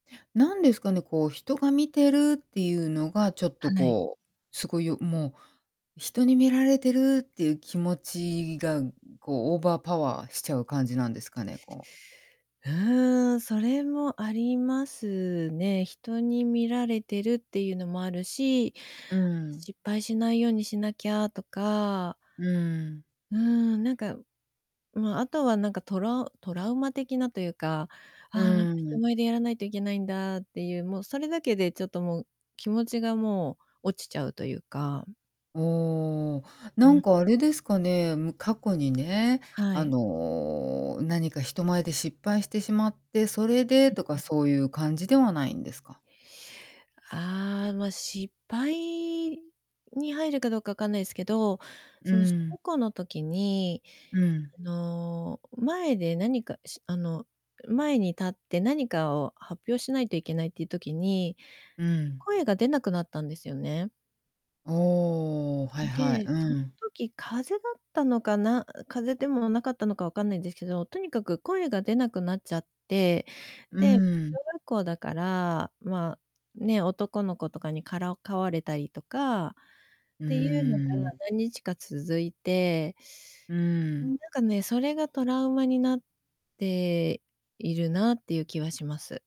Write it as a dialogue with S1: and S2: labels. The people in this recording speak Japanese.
S1: 何ですかね、こう人が見てるっていうのがちょっと
S2: はい。
S1: こう、凄いよもう、人に見られてるっていう気持ちが、こうオーバーパワーしちゃう感じなんですかね、こう。
S2: うん、それもありますね。人に見られてるっていうのもあるし、
S1: うん。
S2: 失敗しないようにしなきゃとか
S1: うん。
S2: うん、なんか、ま、あとはなんかトラトラウマ的なというか、あ
S1: う
S2: あ、なんか人
S1: ん。
S2: 前でやらないといけないんだっていう、もうそれだけでちょっともう気持ちがもう落ちちゃうというか。
S1: おお、
S2: う
S1: な
S2: ーん。
S1: んかあれですかね、む過去にね、
S2: は
S1: あ
S2: い。
S1: の、何か人前で失敗してしまって、それで
S2: う、
S1: と
S2: う
S1: か
S2: ん。
S1: そういう感じではないんですか？
S2: ああ、ま、失敗に入るかどうかわかんないですけど、
S1: う
S2: その小
S1: ん。
S2: 学校の時に、
S1: うん。
S2: あの、前で何かしあの、前に立って何かを発表しないといけないっていう時に、
S1: うん。
S2: 声が出なくなったんですよね。
S1: おお、はいはい、
S2: で、
S1: う
S2: その
S1: ん。
S2: 時風邪だったのかな、風邪でもなかったのかわかんないですけど、とにかく声が出なくなっちゃって、
S1: う
S2: で、小
S1: ん。
S2: 学校だから、ま、ね、男の子とかにからかわれたりとかっ
S1: う
S2: ていうのが
S1: ん。
S2: 何日か続いて
S1: う
S2: うーん、な
S1: ん。
S2: んかね、それがトラウマになっているなっていう気はします。